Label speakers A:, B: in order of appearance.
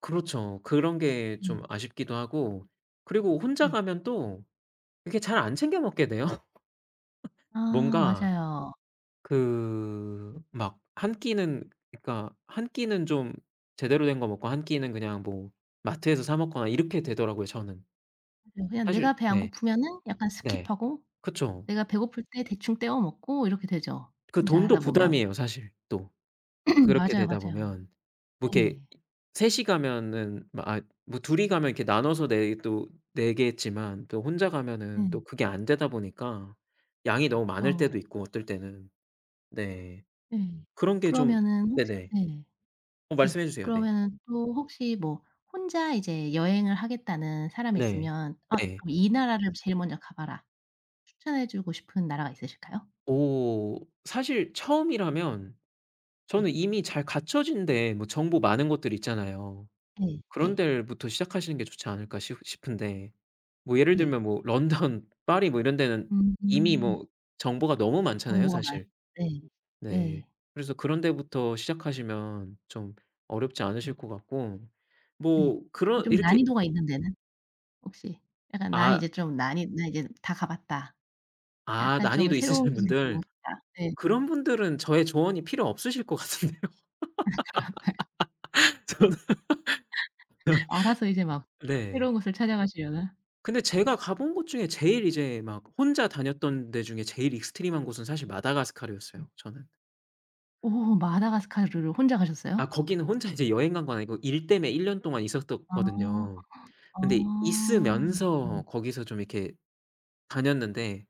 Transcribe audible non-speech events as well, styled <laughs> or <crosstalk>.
A: 그렇죠. 그런 게 좀
B: 음.
A: 아쉽기도 하고 그리고 혼자
B: 네.
A: 가면 또 이렇게 잘 안 챙겨 먹게 돼요.
B: 아.
A: 뭔가
B: 맞아요.
A: 그
B: 음.
A: 막 1 끼는 그니까 1 끼는 좀 제대로 된 거 먹고 1 끼는 그냥 뭐 마트에서 사먹거나 이렇게 되더라고요 저는.
B: 그냥 내가
A: 사실
B: 배 안
A: 네.
B: 고프면은 약간
A: 네.
B: 스킵하고
A: 그쵸.
B: 내가 배고플 때 대충 떼워 먹고 이렇게 되죠
A: 그
B: 혼자
A: 돈도
B: 하다 보면.
A: 부담이에요. 사실 또
B: <clears throat>
A: 그렇게
B: 맞아요,
A: 되다
B: 맞아요.
A: 보면 뭐 이렇게
B: 네.
A: 셋이 가면은 뭐 아 둘이 가면 이렇게 나눠서 내 또 내겠지만 그 혼자 가면은 또
B: 네.
A: 그게 안 되다 보니까 양이 너무 많을 때도
B: 그죠.
A: 있고 어떨 때는. 네.
B: 네.
A: 그런 게 좀
B: 그러면은 혹시
A: 네네.
B: 네.
A: 어
B: 네.
A: 말씀해 주세요. 네.
B: 그러면은 또 혹시 뭐 혼자 이제 여행을 하겠다는 사람이
A: 네.
B: 있으면 "어
A: 네.
B: 이 나라를 제일 먼저 가 봐라." 추천해 주고 싶은 나라가 있으실까요?
A: 어. 사실 처음이라면
B: 네.
A: 저는 이미 잘 갖춰진 데 뭐 정보 많은 곳들 있잖아요.
B: 네.
A: '그런
B: 네.
A: 데부터 시작하시는 게 좋지 않을까.' 싶 싶은데. 뭐 예를
B: 네.
A: 들면 뭐 런던 파리 뭐 이런 데는 이미
B: 음음.
A: 뭐 정보가 너무 많잖아요
B: 정보가 많
A: 사실.
B: 네.
A: 네.
B: 네.
A: 그래서 그런 데부터 시작하시면 좀 어렵지
B: 음.
A: 않으실 것 같고.
B: 네.
A: 뭐 그런
B: 좀
A: 이렇게
B: 난이도가 있는 데는? 혹시. 약간 나는
A: 아.
B: 이제 좀 난 이 '난 이제 다 가 봤다.
A: 아.
B: 약간 좀
A: 난이도
B: 새로운
A: 있으신
B: 곳으로 가
A: 분들.
B: 보고 싶다.' 네.
A: 그런 분들은 저의 조언이 필요 없으실 것 같은데요.
B: 아 그런가요?
A: <laughs> 저는
B: <laughs> 알아서 이제 막
A: <laughs> 네.
B: 새로운 곳을 찾아가시려나?
A: 근데 제가 가본 곳 중에 제일 이제 막 혼자 다녔던 데 중에 제일 익스트림한 곳은 사실
B: 음.
A: 마다가스카르였어요 저는.
B: 오. 마다가스카르를 혼자
A: 아
B: 가셨어요?
A: 거기는 혼자 이제 여행 간 건 아니고 일 때문에 1 년 동안
B: 아.
A: 있었었거든요.
B: 아.
A: 근데
B: 네.
A: 있으면서 거기서 좀 이렇게 다녔는데